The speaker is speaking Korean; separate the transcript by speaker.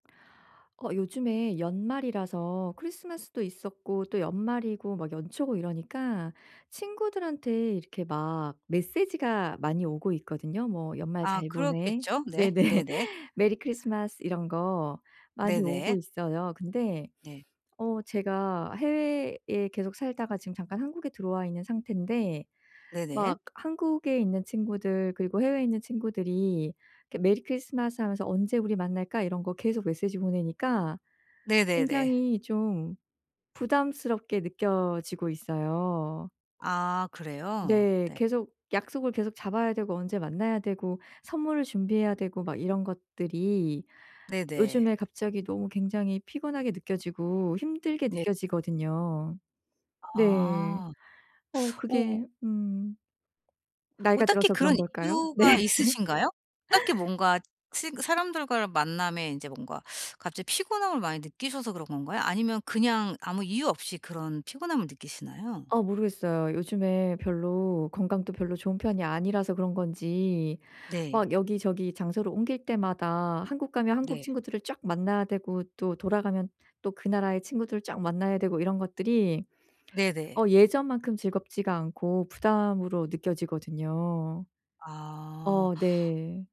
Speaker 1: 어 요즘에 연말이라서 크리스마스도 있었고 또 연말이고 막 연초고 이러니까 친구들한테 이렇게 막 메시지가 많이 오고 있거든요. 뭐 "연말
Speaker 2: 아
Speaker 1: 잘 보내."
Speaker 2: 그렇겠죠? 네.
Speaker 1: 네네.
Speaker 2: 네네.
Speaker 1: "메리 크리스마스!" 이런 거 많이 오고
Speaker 2: 네네.
Speaker 1: 있어요. 근데
Speaker 2: 네.
Speaker 1: 어 제가 해외에 계속 살다가 지금 잠깐 한국에 들어와 있는 상태인데
Speaker 2: 네네.
Speaker 1: 막 한국에 있는 친구들 그리고 해외에 있는 친구들이 이렇게 "메리 크리스마스!" 하면서 "언제 우리 만날까?" 이런 거 계속 메시지 보내니까
Speaker 2: 네네네.
Speaker 1: 굉장히 좀 부담스럽게 느껴지고 있어요.
Speaker 2: 아 그래요?
Speaker 1: 네.
Speaker 2: 네.
Speaker 1: 계속 약속을 계속 잡아야 되고 언제 만나야 되고 선물을 준비해야 되고 막 이런 것들이
Speaker 2: 네네.
Speaker 1: 요즘에 갑자기 너무 굉장히 피곤하게 느껴지고 힘들게
Speaker 2: 네
Speaker 1: 느껴지거든요. 네.
Speaker 2: 아.
Speaker 1: 어 그게
Speaker 2: 오
Speaker 1: 음
Speaker 2: 뭐
Speaker 1: 나이가
Speaker 2: 딱히
Speaker 1: 들어서
Speaker 2: 그런
Speaker 1: 그런 걸까요? 네.
Speaker 2: 이유가 있으신가요? 딱히 뭔가 친 사람들과를 만남에 이제 뭔가 갑자기 피곤함을 많이 느끼셔서 그런 건가요? 아니면 그냥 아무 이유 없이 그런 피곤함을 느끼시나요?
Speaker 1: 아 모르겠어요. 요즘에 별로 건강도 별로 좋은 편이 아니라서 그런 건지
Speaker 2: 네.
Speaker 1: 막 여기저기 장소를 옮길 때마다 한국 가면 한국
Speaker 2: 네.
Speaker 1: 친구들을 쫙 만나야 되고 또 돌아가면 또 그 나라의 친구들을 쫙 만나야 되고 이런 것들이
Speaker 2: 네네.
Speaker 1: 어 예전만큼 즐겁지가 않고 부담으로 느껴지거든요.
Speaker 2: 아.
Speaker 1: 어 네.